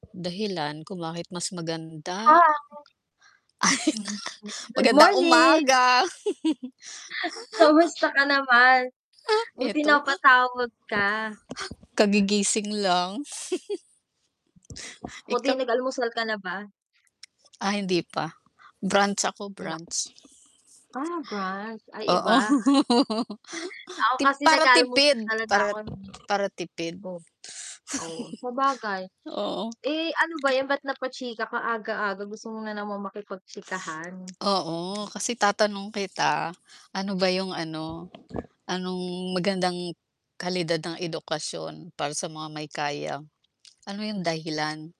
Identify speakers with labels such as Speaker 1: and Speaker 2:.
Speaker 1: Dahilan kung bakit mas maganda
Speaker 2: Hi!
Speaker 1: ay,
Speaker 2: Mm, wait. Good
Speaker 1: Magandang
Speaker 2: morning!
Speaker 1: umaga.
Speaker 2: Kamusta ka naman? Buti
Speaker 1: Ito,
Speaker 2: napatawag ka.
Speaker 1: kagigising lang.
Speaker 2: Ako din,
Speaker 1: Ikaw
Speaker 2: nag-almusal ka na ba?
Speaker 1: Ah, hindi pa, brunch ako,
Speaker 2: Nak
Speaker 1: brunch.
Speaker 2: Ah, brunch, ay
Speaker 1: Oo,
Speaker 2: iba. Ako
Speaker 1: tip
Speaker 2: kasi
Speaker 1: para tipid,
Speaker 2: nag-aalmusal talaga
Speaker 1: para
Speaker 2: ako no'ng min
Speaker 1: para tipid.
Speaker 2: oh, oh, sabagay.
Speaker 1: Oo.
Speaker 2: Eh, ano ba 'yon, ba't napatsika ka, aga-aga gusto mo na namang makipagtsikahan.
Speaker 1: Oo,
Speaker 2: Mhm.
Speaker 1: kasi, tatanong kita, ano ba yung ano, anong magandang, kalidad ng edukasyon para sa mga may kaya, ano yung dahilan?